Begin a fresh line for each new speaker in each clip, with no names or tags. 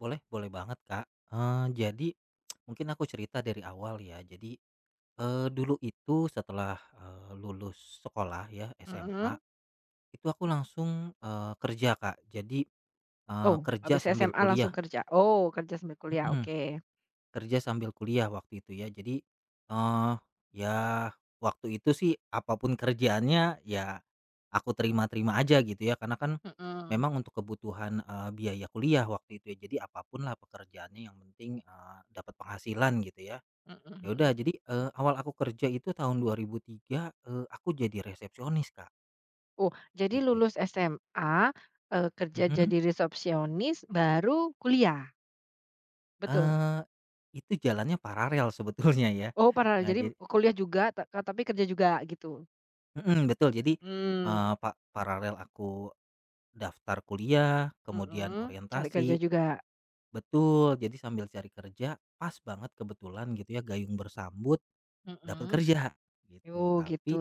Boleh, boleh banget Kak, eee, jadi mungkin aku cerita dari awal ya, jadi, eee, dulu itu setelah, eee, lulus sekolah ya SMA
Heeh.
itu aku langsung, eee, kerja Kak. Jadi, eee,
Oh
kerja
habis
sambil
SMA
kuliah.
langsung kerja oh kerja sambil kuliah
Mhm.
oke.
Kerja sambil kuliah waktu itu ya, jadi, eee, ya waktu itu sih apa pun kerjaannya ya aku terima-terima aja gitu ya karena kan
Heeh.
memang untuk kebutuhan, eee, biaya kuliah waktu itu ya. Jadi apa pun lah pekerjaannya yang penting, eee, dapat penghasilan gitu ya.
Heeh
Ya
heeh.
udah jadi, eee, awal aku kerja itu tahun 2003, eee, aku jadi resepsionis Kak.
Oh, jadi
Gitu.
lulus SMA, eee, kerja
Mhm.
jadi resepsionis, baru kuliah? Betul.
Eee, itu jalannya paralel sebetulnya ya,
Oh pernah,
eee,
jadi
jadi
kuliah juga ka tapi kerja juga gitu?
Heeh, betul jadi, eee,
Mmm.
pa paralel aku daftar kuliah kemudian
Mhm, cari kerja
orientasi
juga.
betul, jadi sambil cari kerja pas banget kebetulan gitu ya, gayung bersambut dapet
Mhm,
kerja gitu
oh gitu.
tapi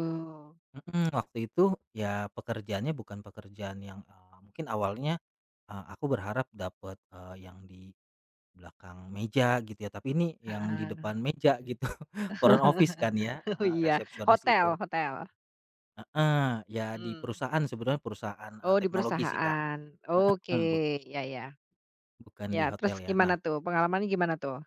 heeh. Waktu itu ya pekerjaannya bukan pekerjaan yang, eee, mungkin awalnya, eee, aku berharap dapet, eee, yang di belakang meja gitu ya, tapi ini yang di
Heeh.
depan meja gitu front office kan ya,
Oh
heeh
iya,
resepsionis
hotel
itu.
hotel.
Heeh, ya di
Mmm.
perusahaan sebenarnya perusahaan, eee,
Oh di
teknologi sih Kak.
perusahaan. Oke
Mhm, bu
ya ya,
bukan
ya
di
terus
hotel ya,
gimana
nah
tuh, pengalamannya gimana tuh?